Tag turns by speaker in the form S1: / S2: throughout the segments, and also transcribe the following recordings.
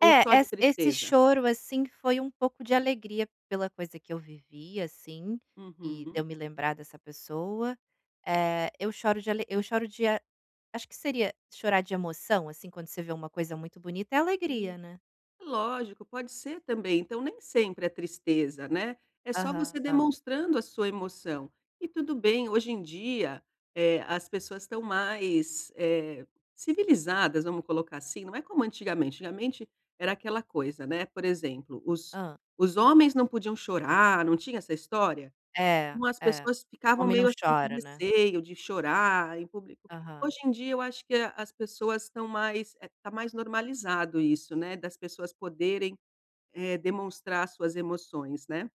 S1: Ou
S2: É,
S1: só de
S2: essa esse
S1: tristeza?
S2: choro, assim, foi um pouco de alegria pela coisa que eu vivi, assim, e de
S1: Uhum.
S2: eu me lembrar dessa pessoa. Eh, eu choro de ale eu choro de a acho que seria chorar de emoção, assim, quando você vê uma coisa muito bonita é
S1: E
S2: alegria, né.
S1: lógico, pode ser também, então nem sempre é tristeza, né, é só você
S2: Aham.
S1: demonstrando a sua emoção. E tudo bem, hoje em dia, eh, as pessoas estão mais, eh, civilizadas, vamos colocar assim, não é como antigamente. Antigamente era aquela coisa, né, por exemplo, os
S2: Hã.
S1: os homens não podiam chorar, não tinha essa história?
S2: É,
S1: Umas
S2: é.
S1: pessoas ficavam
S2: Homem não
S1: meio assim, com
S2: chora, né.
S1: receio de chorar em público.
S2: Aham.
S1: Hoje em dia eu acho que a as pessoas estão mais eh, tá mais normalizado isso, né, das pessoas poderem, eh, demonstrar suas emoções, né.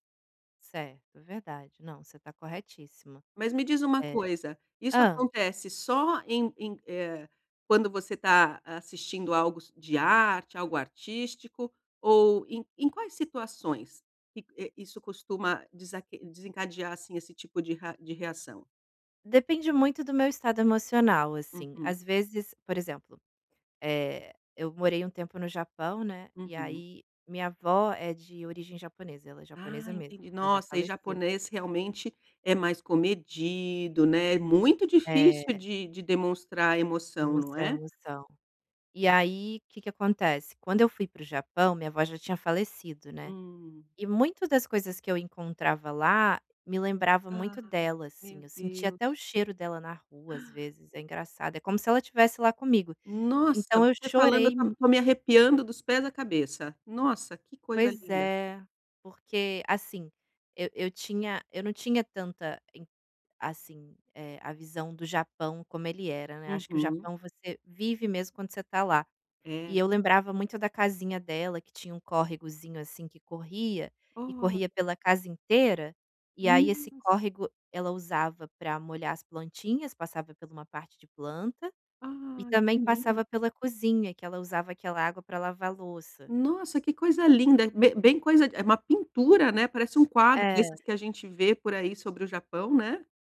S2: Certo, verdade, não, você tá corretíssima.
S1: Mas me diz uma
S2: É
S1: coisa, isso
S2: hã.
S1: acontece só em em, eh, quando você tá assistindo algo de arte, algo artístico, ou em em quais situações? Que, eh, isso costuma desaque desencadear, assim, esse tipo de ra de reação?
S2: Depende muito do meu estado emocional, assim.
S1: Uhum.
S2: Às vezes, por exemplo, eh, eu morei um tempo no Japão, né, e
S1: Uhum.
S2: aí minha avó é de origem japonesa, ela é
S1: Ah,
S2: japonesa mesmo,
S1: entendi.
S2: ela já
S1: Nossa, e
S2: faleceu.
S1: japonês realmente é mais comedido, né, muito difícil
S2: É.
S1: de de demonstrar emoção, não
S2: Demonstrar
S1: é?
S2: emoção. E aí que que acontece, quando eu fui para o Japão minha avó já tinha falecido, né,
S1: Hum.
S2: e muito das coisas que eu encontrava lá me lembrava
S1: Ah,
S2: muito dela,
S1: meu
S2: assim, eu sentia
S1: Deus.
S2: até o cheiro dela na rua às vezes, é engraçado, é como se ela tivesse lá comigo,
S1: Nossa,
S2: então eu
S1: você falando eu
S2: chorei
S1: tô
S2: mu
S1: tô me arrepiando dos pés à cabeça. Nossa, que coisa
S2: Pois
S1: linda.
S2: é, porque, assim, eu eu tinha eu não tinha tanta em assim, eh, a visão do Japão como ele era, né. Acho que o
S1: Uhum.
S2: Japão você vive mesmo quando você tá lá, e
S1: É?
S2: eu lembrava muito da casinha dela que tinha um córregozinho, assim, que corria, e
S1: O
S2: corria pela casa inteira, e aí esse
S1: Nossa.
S2: córrego ela usava para molhar as plantinhas, passava pela uma parte de planta, e
S1: Ai,
S2: também
S1: que lin
S2: passava pela cozinha, que ela usava aquela água para lavar louça.
S1: Nossa, que coisa linda. Bem bem coisa é uma pintura, né? Parece um quadro desses
S2: É.
S1: que a gente vê por aí sobre o Japão, né.